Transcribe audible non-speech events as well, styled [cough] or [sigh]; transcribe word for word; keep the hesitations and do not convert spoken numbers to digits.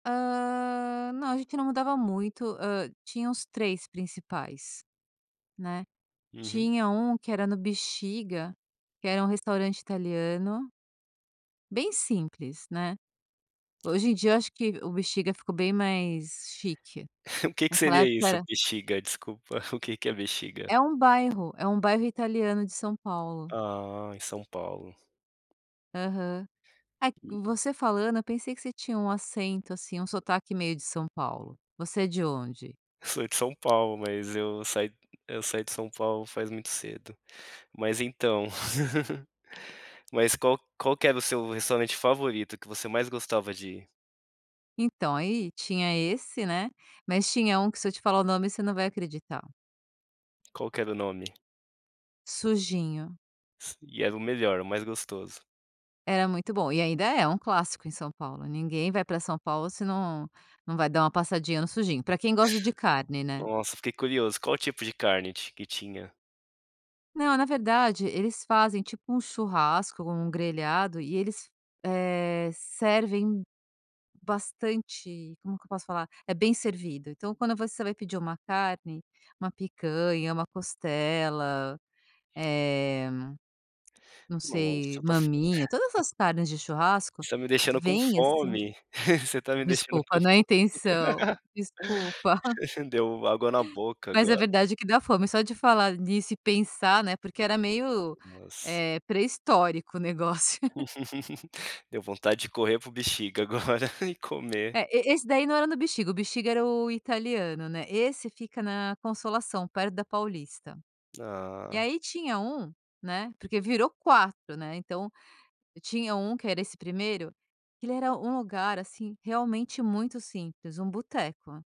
Ah, não, a gente não mudava muito, hã, tinha uns três principais, né. Uhum. Tinha um que era no Bixiga, que era um restaurante italiano bem simples ,né. Hoje em dia eu acho que o Bixiga ficou bem mais chique. O que que Naquela seria época isso era "Bixiga", desculpa, o que que é "Bixiga"? É um bairro, é um bairro italiano de São Paulo. Ah, em São Paulo. Aham. Ah, que você falando eu pensei que você tinha um acento, assim, um sotaque meio de São Paulo. Você é de onde? Sou de São Paulo mas eu saí eu saí de São Paulo faz muito cedo. Mas então. [laughs] Mas qual qual que era o seu restaurante favorito, que você mais gostava de ir? Então, aí tinha esse, né, mas tinha um que se eu te falar o nome você não vai acreditar. Qual que era o nome? Sujinho. S e era o melhor, o mais gostoso. Era muito bom e ainda é um clássico em São Paulo, ninguém vai pra São Paulo se não não vai dar uma passadinha no Sujinho, pra quem gosta de carne, né. Nossa, fiquei curioso. Qual o tipo de carne ti que tinha? Não, na verdade eles fazem tipo um churrasco ou um grelhado e eles, eh, servem bastante como que eu posso falar? É bem servido. Então quando você vai pedir uma carne, uma picanha, uma costela, eh, não Nossa, sei, você tá f maminha, todas as carnes de churrasco, Você tá me deixando com vem assim fome, [chuckles] você tá me deixando com. Desculpa não é [unintelligible] intenção, [laughs] desculpa. [chuckles] Deu água na boca Mas é agora. verdade que dá fome, só de falar nisso e pensar, né, porque era meio, Nossa. eh, pré-histórico o negócio. [laughs] [laughs] Deu vontade de correr para o Bixiga agora e comer. É, e e esse daí não era no Bixiga, o Bexiga era o italiano, né. Esse fica na Consolação perto da Paulista. E Ah. aí tinha um, né, porque virou quatro, né, então tinha um que era esse primeiro, que ele era um lugar, assim, realmente muito simples, um boteco.